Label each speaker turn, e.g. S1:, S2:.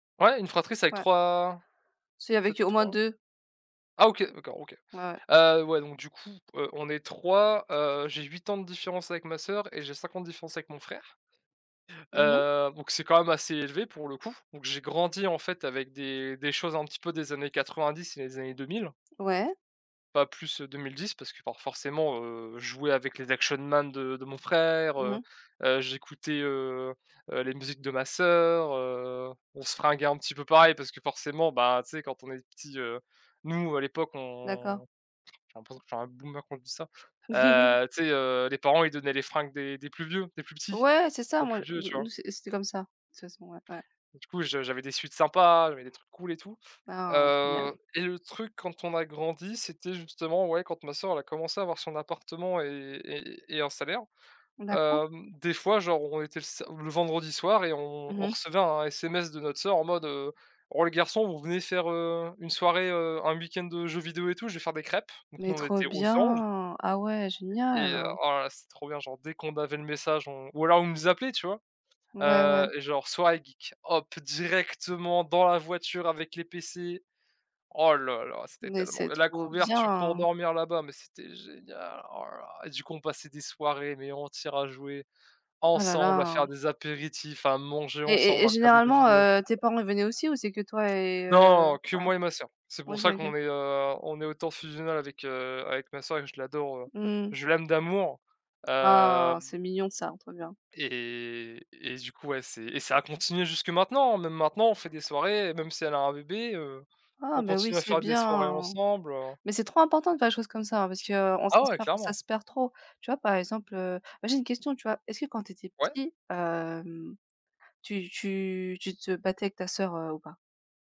S1: Ouais, une fratrie c'est avec
S2: Ouais.
S1: 3
S2: C'est
S1: peut-être
S2: avec au moins
S1: 3.
S2: 2.
S1: Ah OK, d'accord, OK.
S2: Ouais ouais.
S1: Heu, ouais donc du coup, heu, on est 3, heu, j'ai 8 ans de différence avec ma sœur et j'ai 5 ans de différence avec mon frère.
S2: Mmh mh.
S1: Heu, donc c'est quand même assez élevé pour le coup. Donc j'ai grandi en fait avec des des choses un petit peu des années 90 et des années 2000.
S2: Ouais.
S1: Pas plus, heu, 2010 parce que for forcément, heu, je jouais avec les Action Man de de mon frère,
S2: Mmh
S1: heu
S2: mh.
S1: heu, j'écoutais, heu heu, les musiques de ma sœur, heu. On se fringuait un petit peu pareil parce que, forcément, ben, tu sais, quand on est petits, heu, nous à l'époque
S2: D'accord.
S1: on j'ai l'impression que je suis un boomer quand je dis ça. Heu, tu sais, heu, les parents, ils donnaient les fringues des des plus vieux, des plus petits
S2: Ouais, c'est ça,
S1: aux
S2: moi,
S1: plus
S2: d
S1: vieux, tu vois?
S2: nous c'é c'était comme ça, toute façon, ouais, ouais.
S1: Du coup, je j'avais des sweats sympas, j'avais des trucs cool et tout.
S2: Ah, oh, génial.
S1: Heu, et le truc quand on a grandi, c'était, justement, ouais, quand ma sœur elle a commencé à avoir son appartement et et et et un salaire.
S2: D'accord.
S1: Hem, des fois, genre, on était le sa le vendredi soir et on
S2: Mmh
S1: on
S2: mh.
S1: recevait un SMS de notre sœur en mode, heu: «Oh, les garçons, vous venez faire, heu, une soirée, heu, un week-end, heu, jeux vidéo et tout, je vais faire des crêpes». Donc,
S2: Mais
S1: nous, on
S2: trop
S1: était aux anges.
S2: bien! Ah ouais,
S1: E et heu,
S2: génial!
S1: oh là là, c'était trop bien, genre, dès qu'on avait le message on ou alors elle nous appelait, tu vois?
S2: Ouais,
S1: Heu
S2: ouais.
S1: et genre: «Soirée geek», hop, directement dans la voiture avec les PC, oh là là, c'était
S2: Mais
S1: tellement
S2: c'est
S1: bien, la
S2: trop
S1: couverture pour
S2: bien!
S1: dormir là-bas, mais c'était génial, oh là là. Et du coup, on passait des soirées, mais entières, à jouer
S2: Ah là
S1: ensemble, à
S2: là!
S1: faire des apéritifs, à manger
S2: Et et
S1: ensemble,
S2: et
S1: à regarder des
S2: généralement,
S1: vidéos, c'était
S2: heu, tes parents ils venaient aussi ou c'est que toi et
S1: Non,
S2: heu?
S1: non, que
S2: Ouais,
S1: moi et ma sœur. C'est pour
S2: OK,
S1: ça
S2: OK.
S1: qu'on est, heu, on est autant fusionnel avec, heu, avec ma sœur et que je l'adore.
S2: Mmh mh.
S1: Je l'aime d'amour.
S2: Oh,
S1: Hem.
S2: c'est mignon ça. Trop bien.
S1: Et et et du coup, ouais, c'est et ça a continué jusque maintenant, même maintenant on fait des soirées, même si elle a un bébé, heu,
S2: Oh
S1: on
S2: mais, oui,
S1: continue à
S2: c'est
S1: faire des soirées
S2: bien.
S1: ensemble, heu.
S2: Mais c'est trop important de faire des choses comme ça, hein, parce qu'on
S1: Ah
S2: ça se
S1: ouais,
S2: perd ça
S1: clairement.
S2: se perd trop. Tu vois, par exemple, heu moi, j'ai une question, tu vois? Est-ce que quand tu étais
S1: Ouais.
S2: petit, hem, tu tu tu te battais avec ta sœur, heu, ou pas?